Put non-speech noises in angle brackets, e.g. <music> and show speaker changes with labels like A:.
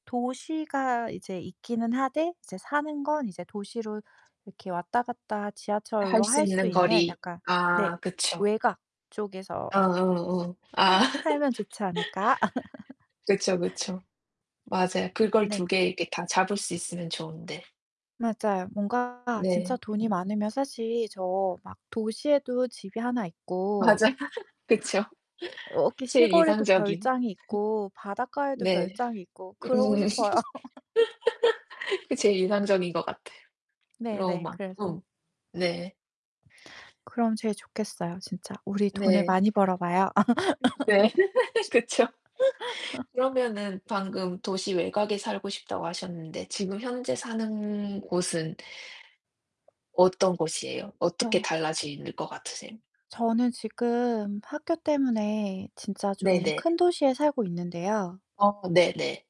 A: 도시가 이제 있기는 하되 이제 사는 건 이제 도시로 이렇게 왔다 갔다
B: 할
A: 지하철로
B: 수
A: 할 수
B: 있는
A: 있는
B: 거리.
A: 약간 네.
B: 아 그쵸.
A: 외곽 쪽에서
B: 어어어. 아.
A: <laughs>
B: <laughs>
A: 살면 좋지 않을까?
B: 그쵸,
A: <laughs>
B: 그쵸. 맞아요. 그걸 2
A: 네.
B: 개 이렇게 다 잡을 수 있으면 좋은데.
A: 맞아요. 뭔가 진짜
B: 네.
A: 돈이 많으면 사실 저 막 도시에도 집이 하나 있고
B: 맞아. <laughs> 그쵸. <laughs>
A: 여기
B: 제일
A: 시골에도
B: 이상적인
A: 별장이 있고
B: <laughs>
A: 바닷가에도
B: 네.
A: 별장이 있고 그러고
B: 음. <laughs>
A: 싶어요. <laughs>
B: 그게
A: <laughs>
B: 제일 인상적인 것 같아.
A: 네네
B: 로마
A: 그래서.
B: 음. 네.
A: 그럼 제일 좋겠어요 진짜. 우리 돈을
B: 네.
A: 많이 벌어 봐요.
B: 네 <laughs> 그쵸. <laughs>
A: <laughs>
B: 그러면은 방금 도시 외곽에 살고 싶다고 하셨는데 지금 현재 사는 곳은 어떤 곳이에요?
A: 어.
B: 어떻게 달라질 것 같으세요?
A: 저는 지금 학교 때문에 진짜 좀
B: 네네.
A: 큰 도시에 살고 있는데요
B: 어 네네.